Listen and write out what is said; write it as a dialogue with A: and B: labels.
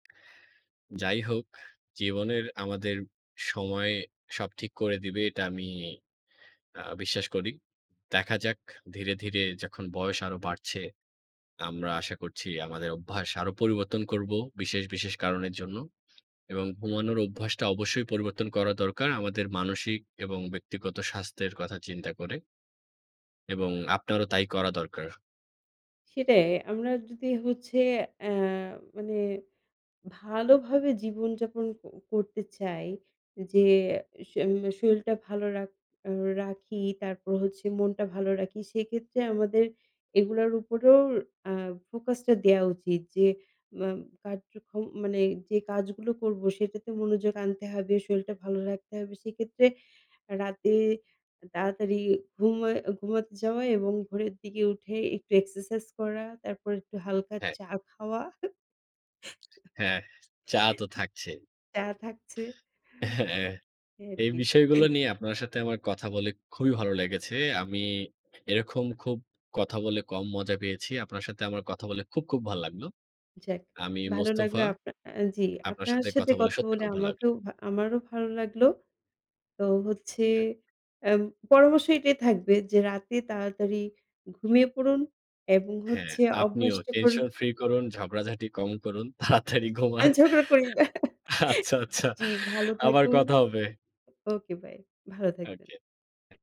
A: যাই হোক, জীবনের আমাদের সময়ে সব ঠিক করে দিবে এটা আমি আ বিশ্বাস করি। দেখা যাক ধীরে, ধীরে যখন বয়স আরও বাড়ছে, আমরা আশা করছি আমাদের অভ্যাস আরও পরিবর্তন করব বিশেষ, বিশেষ কারণের জন্য। এবং ঘুমানোর অভ্যাসটা অবশ্যই পরিবর্তন করা দরকার আমাদের মানসিক এবং ব্যক্তিগত স্বাস্থ্যের কথা চিন্তা করে। এবং আপনারও তাই করা দরকার।
B: সেটাই আমরা যদি হচ্ছে অ্যা মানে ভালোভাবে জীবনযাপন ক করতে চাই যে স এম শরীরটা ভালো রাখ রাখি, তারপর হচ্ছে মনটা ভালো রাখি, সেক্ষেত্রে আমাদের এগুলার উপরেও অ্যা focus টা দেয়া উচিত যে ম কাজ যখন মানে যে কাজগুলো করব সেটাতে মনোযোগ আনতে হবে, শরীরটা ভালো রাখতে হবে। সেক্ষেত্রে রাতে তাড়াতাড়ি ঘুমায় ঘুমাতে যাওয়া এবং ভোরের দিকে উঠে একটু exercise করা তারপর একটু হালকা
A: হ্যাঁ।
B: চা খাওয়া।
A: হ্যাঁ, চা তো থাকছে।
B: চা থাকছে।
A: হ্যাঁ।
B: এই আর
A: এই
B: কি।
A: বিষয়গুলো নিয়ে আপনার সাথে আমার কথা বলে খুবই ভালো লেগেছে। আমি এরকম খুব কথা বলে কম মজা পেয়েছি। আপনার সাথে আমার কথা বলে খুব, খুব ভাল লাগলো।
B: যাক
A: আমি
B: ভালো লাগলো
A: মোস্তফা,
B: আপনা আ জি
A: আপনার
B: আপনার
A: সাথে
B: সাথে
A: কথা বলে
B: কথা
A: সত্যি
B: বলে
A: খুব ভাল লাগলো।
B: আমাকেও ভা আমারও ভালো লাগলো। তো হচ্ছে অ্যা পরামর্শ এটাই থাকবে যে রাতে তাড়াতাড়ি ঘুমিয়ে পড়ুন এবং
A: হ্যাঁ,
B: হচ্ছে
A: আপনিও
B: অভ্যাসটা কর
A: tension free করুন, ঝগড়াঝাটি কম করুন, তাড়াতাড়ি ঘুমান।
B: আমি ঝগড়া করি না।
A: আচ্ছা, আচ্ছা,
B: জি ভালো
A: আবার
B: থাকুন।
A: কথা হবে।
B: ওকে বাই ভালো
A: ওকে,
B: থাকবেন।
A: ওকে।